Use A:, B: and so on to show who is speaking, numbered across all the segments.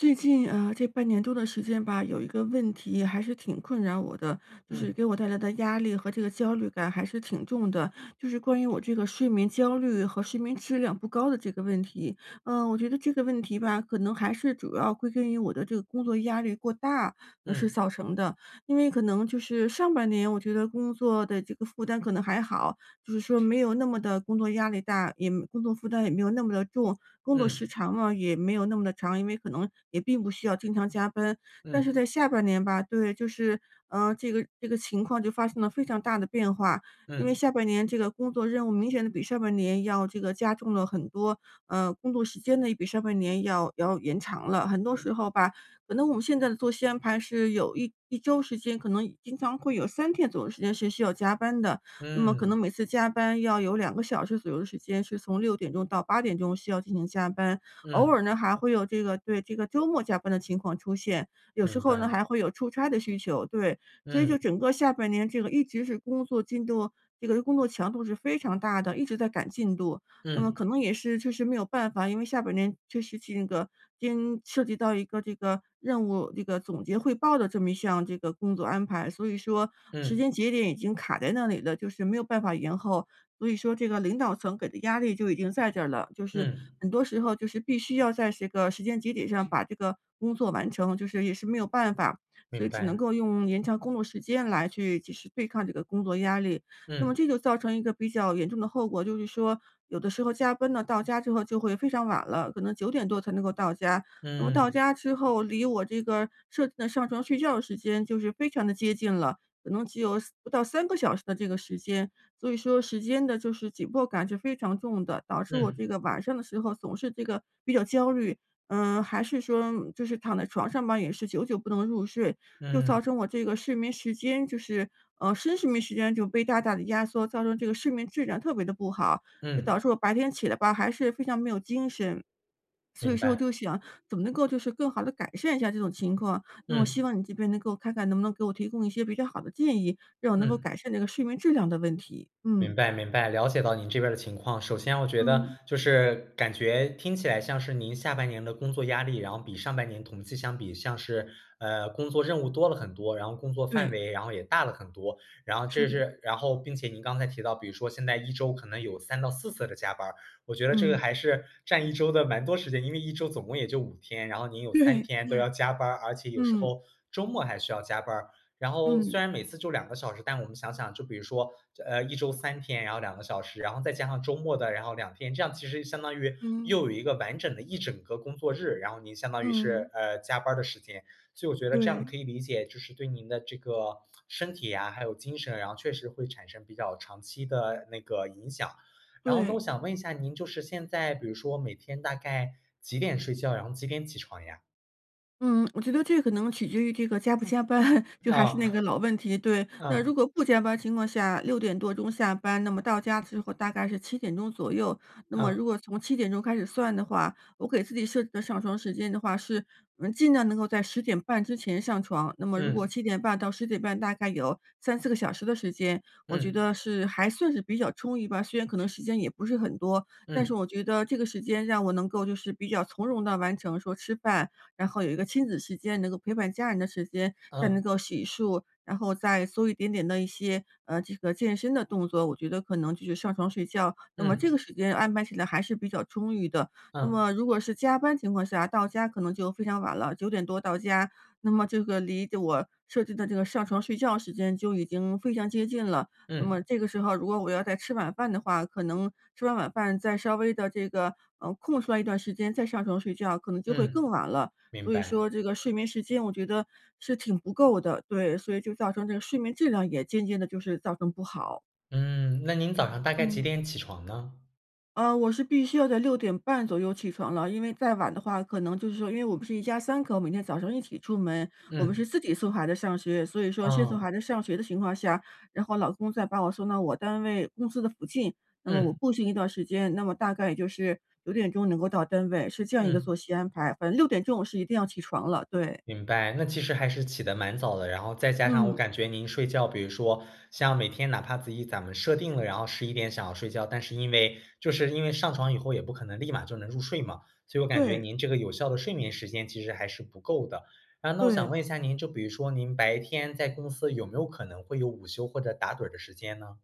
A: 最近，呃，这半年多的时间吧，有一个问题还是挺困扰我的，就是
B: 嗯。
A: 给我带来的压力和这个焦虑感还是挺重的，就是关于我这个睡眠焦虑和睡眠质量不高的这个问题。呃，我觉得这个问题吧，可能还是主要归根于我的这个工作压力过大而是
B: 嗯。
A: 造成的，因为可能就是上半年，我觉得工作的这个负担可能还好，就是说没有那么的工作压力大，也工作负担也没有那么的重，工作时
B: 嗯。
A: 长了也没有那么的长，因为可能也并不需要经常加班。但
B: 嗯。
A: 是在下半年吧对，就是，呃，这个这个情况就发生了非常大的变化，因为
B: 嗯。
A: 下半年这个工作任务明显的比上半年要这个加重了很多，呃，工作时间呢也比上半年要要延长了，很多
B: 嗯。
A: 时候吧，可能我们现在的作息安排是有一一周时间，可能经常会有3天左右时间是需要加班的，那么可
B: 嗯。
A: 能每次加班要有2个小时左右的时间，是从6点钟到8点钟需要进行加班。偶
B: 嗯。
A: 尔呢，还会有这个对，这个周末加班的情况出现，有时
B: 明
A: 候呢
B: 白。
A: 还会有出差的需求，对。所以就
B: 嗯。
A: 整个下半年这个一直是工作进度，这个工作强度是非常大的，一直在赶进度，那么
B: 嗯。
A: 可能也是确实没有办法，因为下半年确实 [unintelligible] 涉及到一个这个任务，这个总结汇报的这么一项这个工作安排，所以说时
B: 嗯。
A: 间节点已经卡在那里了，就是没有办法延后，所以说这个领导层给的压力就已经在这儿了，就是
B: 嗯。
A: 很多时候就是必须要在这个时间节点上把这个工作完成，就是也是没有办法，所
B: 明
A: 以只能
B: 白。
A: 够用延长工作时间来去及时对抗这个工作压力。那么
B: 嗯。
A: 这就造成一个比较严重的后果，就是说有的时候加班了，到家之后就会非常晚了，可能9点多才能够到家，那么到
B: 嗯。
A: 家之后离这个设置的上床睡觉的时间就是非常的接近了，可能只有3，不到3个小时的这个时间，所以说时间的就是紧迫感是非常重的，导致我这
B: 嗯。
A: 个晚上的时候总是这个比较焦虑。嗯，还是说就是躺在床上吧，也是久久不能入睡，就造
B: 嗯。
A: 成我这个睡眠时间就是呃，深睡眠时间就被大大的压缩，造成这个睡眠质量特别的不好，就导
B: 嗯。
A: 致我白天起来吧，还是非常没有精神。所以
B: 明
A: 说我
B: 白。
A: 就想怎么能够就是更好地改善一下这种情况，那么我希
B: 嗯。
A: 望你这边能够看看能不能给我提供一些比较好的建议，让我能够
B: 嗯。
A: 改善这个睡眠质量的问题，嗯。
B: 明白明白，了解到您这边儿的情况，首先我觉得
A: 嗯。
B: 就是感觉听起来像是您下半年的工作压力，然后比上半年同期相比像是，呃，工作任务多了很多，然后工作范
A: 对。
B: 围然后也大了很多。然后
A: 是
B: 这
A: 的。
B: 是然后并且您刚才提到比如说现在一周可能有3到4次的加班儿，我觉得这个
A: 嗯。
B: 还是占一周的蛮多时间，因为一周总共也就5天，然后你有3
A: 对，
B: 天都要加班儿，而且有时
A: 嗯。
B: 候周末还需要加班儿。然后虽
A: 嗯。
B: 然每次就2个小时，但我们想想就比如说，呃，一周3天然后2个小时，然后再加上周末的，然后2天，这样其实相当于又
A: 嗯。
B: 有一个完整的一整个工作日，然后您相当于是，
A: 嗯。
B: 呃，加班儿的时间，所以我觉得这样
A: 对。
B: 可以理解，就是对您的这个身体呀，还有精神，然后确实会产生比较长期的那个影响。然后呢我
A: 对。
B: 想问一下您就是现在比如说每天大概几点睡觉，然后几点起床呀？
A: 嗯，我觉得这可能取决于这个加不加班，就还是
B: 啊，
A: 那个老问题。对，那 如
B: 嗯。
A: 果不加班情况下，6点多钟下班，那么到家之后，大概是7点钟左右。那么
B: 嗯。
A: 如果从7点钟开始算的话，我给自己设置的上床时间的话，是嗯尽量能够在10点半之前上床。那么如果
B: 嗯。
A: 7点半到10点半，大概有3-4个小时的时间，我觉
B: 嗯。
A: 得是还算是比较充裕吧，虽然可能时间也不是很多，但是
B: 嗯。
A: 我觉得这个时间，让我能够就是比较从容地完成说吃饭，然后有一个亲子时间，能够陪伴家人的时间，再能
B: 嗯。
A: 够洗漱，然后再做一点点的一些呃，这个健身的动作，我觉得可能就是上床睡觉，那么这个
B: 嗯。
A: 时间，安排起来还是比较充裕的。那
B: 嗯。
A: 么如果是加班情况下，到家可能就非常晚了，9点多到家，那么这个离我设置的这个上床睡觉时间，就已经非常接近了，那
B: 嗯。
A: 么这个时候如果我要再吃晚饭的话，可能吃完晚饭，再稍微地这个，呃，空出来一段时间再上床睡觉，可能就会
B: 嗯，
A: 更晚了。
B: 明
A: 所以
B: 白。
A: 说这个睡眠时间，我觉得是挺不够的，对，所以就造成这个睡眠质量，也渐渐地就是造成不好。
B: 嗯，那您早上大概几
A: 嗯。
B: 点起床呢？
A: 呃，我是必须要在6点半左右起床了，因为再晚的话，可能就是说因为我们是一家3口，每天早上一起出门，我们
B: 嗯。
A: 是自己送孩子上学，所以说先送
B: 嗯。
A: 孩子上学的情况下，然后老公再把我送到我单位公司的附近，那么我
B: 嗯。
A: 步行一段儿时间，那么大概也就是9点钟能够到单位，是这样一个
B: 嗯。
A: 作息安排。反正6点钟我是一定要起床了，对。
B: 明白，那其实还是起得蛮早的，然后再加上我
A: 嗯。
B: 感觉您睡觉，比如说，像每天哪怕自己咱们设定了，然后11点想要睡觉，但是因为就是因为上床以后，也不可能立马就能入睡嘛，所以我感觉
A: 对。
B: 您这个有效的睡眠时间，其实还是不够的。呃，那我想
A: 对。
B: 问一下您，就比如说您白天在公司，有没有可能会有午休，或者打盹儿的时间呢？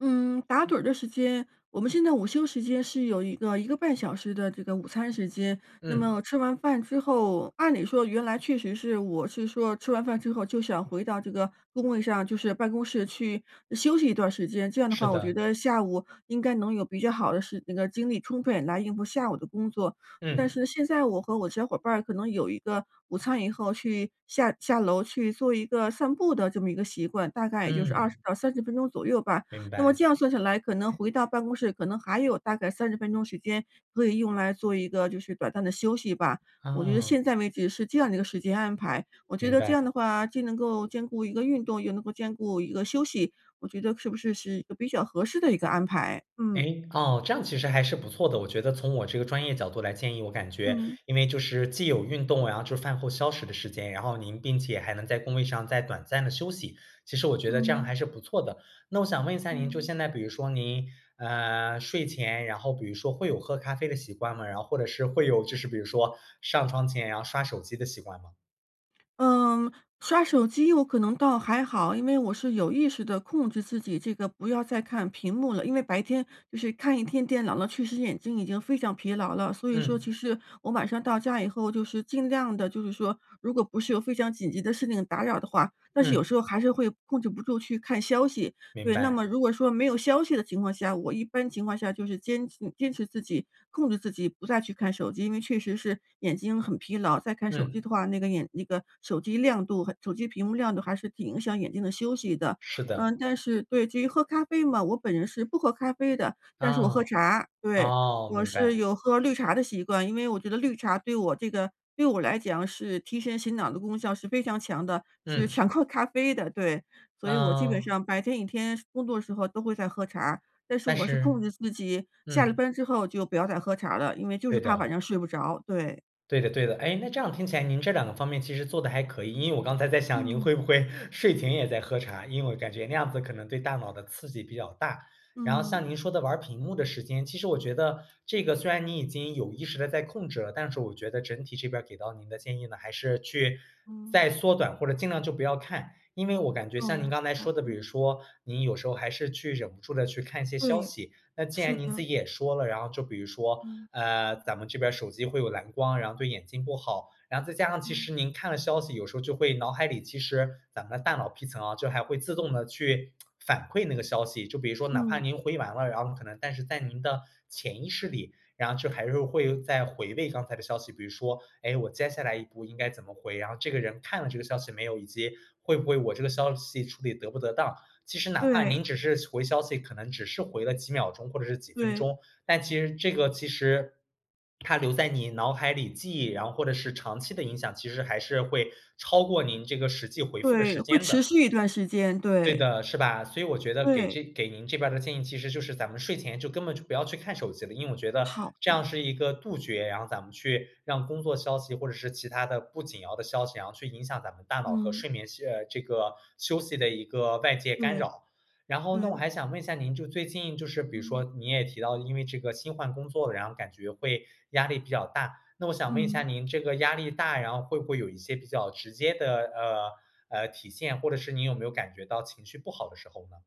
A: 嗯，打盹儿的时间，我们现在午休时间是有一个1个半小时的这个午餐时间，那
B: 嗯。
A: 么吃完饭之后，按理说原来确实是我是说吃完饭之后，就想回到这个工位上，就是办公室去休息一段时间，这样的
B: 是
A: 话我觉
B: 的。
A: 得下午，应该能有比较好的时那个精力充分来应付下午的工作。但
B: 嗯。
A: 是现在我和我的小伙伴儿，可能有一个午餐以后，去下下楼去做一个散步的这么一个习惯，大概也就是20
B: 嗯。
A: 到30分钟左右吧。
B: 明
A: 那么
B: 白。
A: 这样算下来，可能回到办公室，可能还有大概30分钟时间，可以用来做一个就是短暂的休息吧，我觉得
B: 哦。
A: 现在为止，是这样的一个时间安排。我觉
B: 明
A: 得这
B: 白。
A: 样的话，既能够兼顾一个运动，又能够兼顾一个休息，我觉得是不是是一个比较合适的一个安排？嗯。
B: 诶，哦，这样其实还是不错的。我觉得从我这个专业角度来建议，我感觉
A: 嗯。
B: 因为就是既有运动呀，就是饭后消食的时间，然后您并且还能在工位上再短暂地休息，其实我觉得这样
A: 嗯。
B: 还是不错的。那我想问一下您，就
A: 嗯。
B: 现在比如说您，呃，睡前，然后比如说会有喝咖啡的习惯吗？然后或者是，会有就是比如说上床前要刷手机的习惯吗？
A: 嗯，刷手机有可能倒还好，因为我是有意识地控制自己这个不要再看屏幕了。因为白天就是看一天电脑了，确实眼睛已经非常疲劳了。所以说其
B: 嗯。
A: 实，我晚上到家以后就是尽量的，就是说，如果不是有非常紧急的事情打扰的话，但是有
B: 嗯。
A: 时候还是会控制不住去看消息，
B: 明
A: 对。那
B: 白。
A: 么如果说没有消息的情况下，我一般情况下就是坚持坚持自己、控制自己，不再去看手机。因为确实是眼睛很疲劳，再看手机
B: 嗯。
A: 的话，那个眼那个手机亮度和手机屏幕亮度还是挺影响眼睛的休息的。
B: 是
A: 嗯，
B: 的。
A: 但是对，其实喝咖啡嘛，我本人是不喝咖啡的，但是我喝
B: 哦，
A: 茶。对，
B: 哦，
A: 我
B: 明
A: 是
B: 白。
A: 有喝绿茶的习惯，因为我觉得绿茶对我这个对我来讲是提神醒脑的功效是非常强的。是
B: 嗯。
A: 强过咖啡的，对。所以我基本
B: 嗯。
A: 上白天一天工作的时候都会在喝茶。但是
B: 但
A: 我是控
B: 是
A: 制自己下了
B: 嗯。
A: 班之后就不要再喝茶了，因为就是
B: 对
A: 怕晚
B: 的。
A: 上睡不着，对。
B: 对的对的。诶，那这样听起来您这2个方面其实做得还可以。因为我刚才在想您
A: 嗯。
B: 会不会睡前也在喝茶，因为感觉那样子可能对大脑的刺激比较大。然后
A: 嗯。
B: 像您说的玩儿屏幕的时间，其实我觉得这个虽然你已经有意识地在控制了，但是我觉得整体这边儿给到您的建议呢，还是去
A: 嗯。
B: 再缩短或者尽量就不要看。因为我感觉像您
A: 哦，
B: 刚才
A: 好
B: 说的，比
A: 的。
B: 如说您有时候还是去忍不住地去看一些消
A: 对，
B: 息。那既
A: 是
B: 然您自
A: 的。
B: 己也说了，然后就比如说，
A: 嗯。
B: 呃，咱们这边手机会有蓝光，然后对眼睛不好。然后再加上其
A: 嗯。
B: 实您看了消息，有时候就会脑海里其实，咱们的大脑皮层啊，就还会自动地去 反馈那个消息，就比如说哪怕
A: 嗯。
B: 您回完了，然后可能但是在您的潜意识里，然后就还是会再回味刚才的消息。比如说，诶，我接下来一步应该怎么回，然后这个人看了这个消息没有，以及会不会我这个消息处理得不得当。其实哪怕
A: 对。
B: 您只是回消息，可能只是回了几秒钟或者是几分
A: 对。
B: 钟，但其实这个其实它留在你脑海里记忆，然后或者是长期的影响，其实还是会超过您这个实际回复的
A: 对，
B: 时
A: 会
B: 间
A: 持
B: 的。
A: 续一段时间，
B: 对
A: 对。
B: 的，是吧。所以我觉得给
A: 对。
B: 这给您这边的建议其实就是咱们睡前就根本就不要去看手机了。因为我觉得
A: 好
B: 这样
A: 的。
B: 是一个杜绝，然后咱们去让工作消息或者是其它的不紧要的消息，然后去影响咱们大脑和
A: 嗯。
B: 睡眠呃，这个休息的一个外界干
A: 对，
B: 扰。然后那我
A: 对。
B: 还想问一下您，就最近就是比如说
A: 嗯。
B: 你也提到，因为这个新换工作，然后感觉会压力比较大。那我想问一下
A: 嗯。
B: 您这个压力大，然后会不会有一些比较直接的，呃呃，体现，或者是你有没有感觉到情绪不好的时候呢？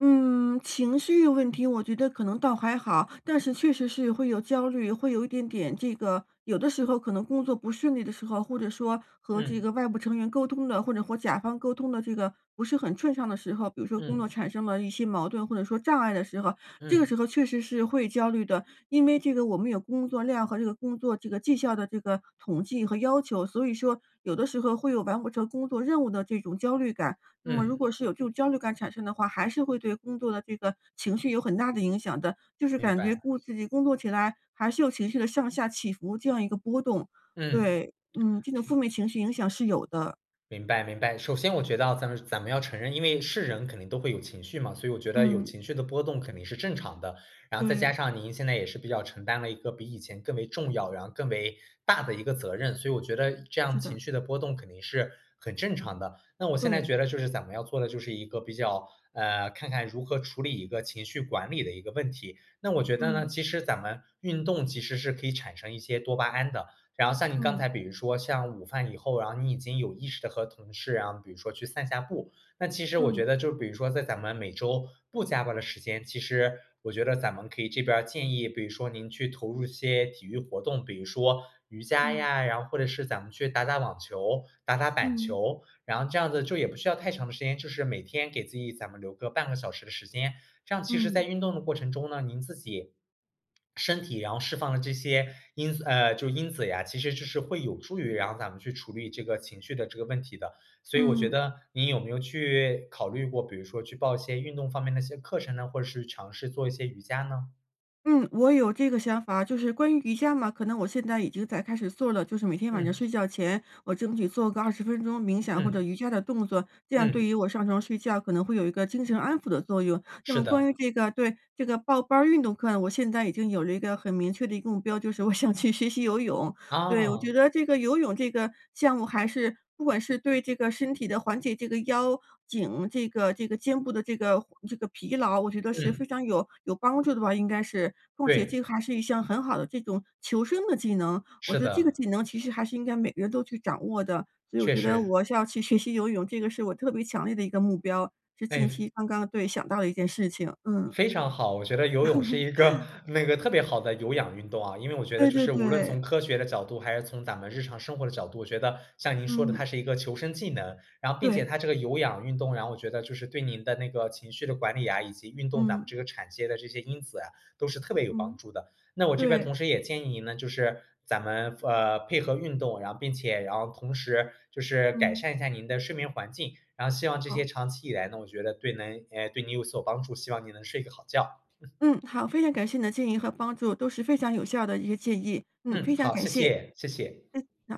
A: 嗯，情绪问题我觉得可能倒还好。但是确实是会有焦虑，会有一点点这个有的时候可能工作不顺利的时候，或者说和这
B: 嗯。
A: 个外部成员沟通的或者和甲方沟通的这个不是很顺畅的时候，比如说工作
B: 嗯。
A: 产生了一些矛盾，或者说障碍的时候，这个
B: 嗯。
A: 时候确实是会焦虑的。因为这个我们有工作量和这个工作这个绩效的这个统计和要求，所以说有的时候会有完不成工作任务的这种焦虑感。那么如
B: 嗯。
A: 果是有这种焦虑感产生的话，还是会对工作的这个情绪有很大的影响的，就是
B: 明
A: 感觉
B: 白。
A: 工自己工作起来还是有情绪的上下起伏，这样一个波动。
B: 嗯。嗯。
A: 对，嗯，这种负面情绪影响是有的。
B: 明白明白。首先我觉得啊，咱们咱们要承认，因为是人肯定都会有情绪嘛，所以我觉得有
A: 嗯。
B: 情绪的波动肯定是正常的。然后再加
A: 对。
B: 上您现在也是比较承担了一个比以前更为重要，然后更为大的一个责任，所以我觉得这样
A: 是的。
B: 情绪的波动肯定是很正常的。那我现在
A: 对。
B: 觉得就是咱们要做的就是一个比较呃，看看如何处理一个情绪管理的一个问题。那我觉得呢，
A: 嗯。
B: 其实咱们运动其实是可以产生一些多巴胺的，然后像你刚
A: 嗯。
B: 才比如说像午饭以后，然后你已经有意识的和同事啊，比如说去散下步。那其实我觉
A: 嗯。
B: 得就比如说在咱们每周不加班儿的时间，其实我觉得咱们可以这边建议比如说您去投入些体育活动，比如说瑜伽
A: 嗯。
B: 呀，然后或者是咱们去打打网球、打打板
A: 嗯。
B: 球。然后这样子就也不需要太长的时间，就是每天给自己咱们留个半个小时的时间。这样其实在
A: 嗯。
B: 运动的过程中呢，您自己，身体然后释放了这些因素呃，就因子呀，其实这是会有助于然后咱们去处理这个情绪的这个问题的。所以我觉
A: 嗯。
B: 得你有没有去，考虑过，比如说去报一些运动方面的一些课程呢，或者是尝试做一些瑜伽呢？
A: 嗯，我有这个想法，就是关于瑜伽嘛，可能我现在已经在开始做了，就是每天晚上
B: 嗯。
A: 睡觉前，我争取做个20分钟冥想，或者
B: 嗯。
A: 瑜伽的动作，这样
B: 嗯。
A: 对于我上床睡觉，可能会有一个精神安抚的作用。那
B: 是
A: 么关
B: 的。
A: 于这个对，这个报班儿运动课，我现在已经有了一个很明确的一个目标，就是我想去学习游泳。对，我觉
B: 啊。
A: 得这个游泳这个项目，还是不管是对这个身体的缓解，这个腰、颈，这个这个肩部的这个这个疲劳，我觉得是
B: 嗯。
A: 非常有有帮助的吧，应该是。况且
B: 对。
A: 这还是一项很好的这种求生的技能，我
B: 是
A: 觉得这个
B: 的。
A: 技能，其实还是应该每个人都去掌握的。所以我
B: 确
A: 觉得
B: 实。
A: 我要去学习游泳，这个是我特别强烈的一个目标，是近
B: 诶。
A: 期刚刚对，想到的一件事情，嗯。
B: 非常好，我觉得游泳是一个 那个特别好的有氧运动啊，因为我觉得
A: 对
B: 就
A: 对
B: 是无论从
A: 对。
B: 科学的角度，还是从咱们日常生活的角度，我觉得像您说的
A: 嗯。
B: 它是一个求生技能。然后并且
A: 对。
B: 它这个有氧运动，然后我觉得就是对您的那个情绪的管理呀，以及运动咱们
A: 嗯。
B: 这个产生这些因子啊，都是特别有帮
A: 嗯，
B: 助的。那我这边
A: 对。
B: 同时也建议您呢，就是咱们，呃，配合运动，然后并且然后同时，就是改
A: 嗯。
B: 善一下您的睡眠环境，然后希望这些
A: 好。
B: 长期以来呢，我觉得对能对你有所帮助，希望你能睡个好觉。
A: 嗯，好，非常感谢你的建议和帮助，都是非常有效的一个建议。嗯，
B: 嗯，
A: 非常
B: 好，
A: 感
B: 谢
A: 谢。
B: 谢谢谢。
A: 嗯，好。